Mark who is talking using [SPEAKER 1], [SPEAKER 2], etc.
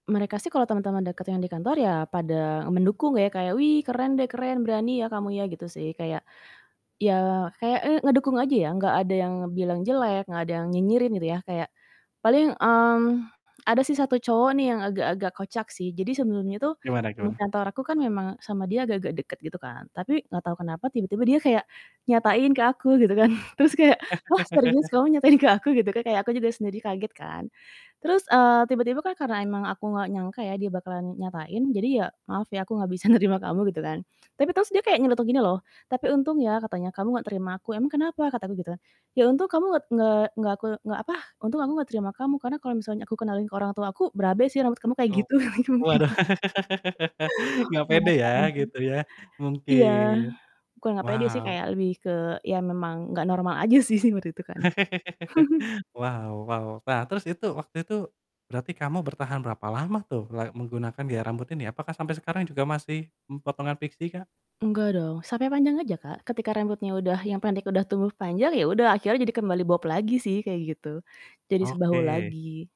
[SPEAKER 1] Mereka sih kalau teman-teman deket yang di kantor ya pada mendukung ya kayak, "Wih, keren deh keren. Berani ya kamu ya." Gitu sih, kayak iya kayak, eee, ngedukung aja ya, enggak ada yang bilang jelek, enggak ada yang nyinyirin gitu ya, kayak paling, mmm, ada sih 1 cowok nih yang agak-agak kocak sih. Jadi sebelumnya tuh
[SPEAKER 2] Gimana
[SPEAKER 1] teman
[SPEAKER 2] gimana?
[SPEAKER 1] kantor aku kan memang sama dia agak-agak dekat gitu kan, tapi enggak tahu kenapa tiba-tiba dia kayak nyatain ke aku gitu kan, terus kayak, "Wah, serius kamu nyatain ke aku?" Gitu kan. Kayak aku juga sendiri kaget kan, terus, eee, tiba-tiba kan karena emang aku enggak nyangka ya dia bakalan nyatain jadi ya, "Maaf ya aku enggak bisa nerima kamu." Gitu kan, tapi terus dia kayak nyeletuk gini loh, "Tapi untung ya," katanya "kamu enggak terima aku." "Emang kenapa?" Kata aku gitu kan, "Iya untung kamu nget nge enggak aku" enggak apa, "untung aku enggak terima kamu karena kalau misalnya aku kenalin ke orang tua aku berabe sih, rambut kamu kayak
[SPEAKER 2] Oh,
[SPEAKER 1] gitu." [unintelligible]
[SPEAKER 2] oh, waduh enggak pede ya gitu ya,
[SPEAKER 1] [unintelligible] Iya.
[SPEAKER 2] mungkin.
[SPEAKER 1] Bukan enggak pede sih,
[SPEAKER 2] Wow.
[SPEAKER 1] kayak lebih ke iya memang enggak normal aja sih sih waktu itu kan.
[SPEAKER 2] Wow wow. Nah terus itu, waktu itu, berarti kamu bertahan berapa lama tuh la menggunakan gaya rambut ini? Apakah sampai sekarang juga masih, mmm, potongan pixie kah?
[SPEAKER 1] Enggak dong. Sampai panjang aja, Kak. Ketika rambutnya udah yang pendek udah tumbuh panjang ya udah akhirnya jadi kembali bob lagi sih kayak gitu, jadi sebahu
[SPEAKER 2] Oke.
[SPEAKER 1] lagi.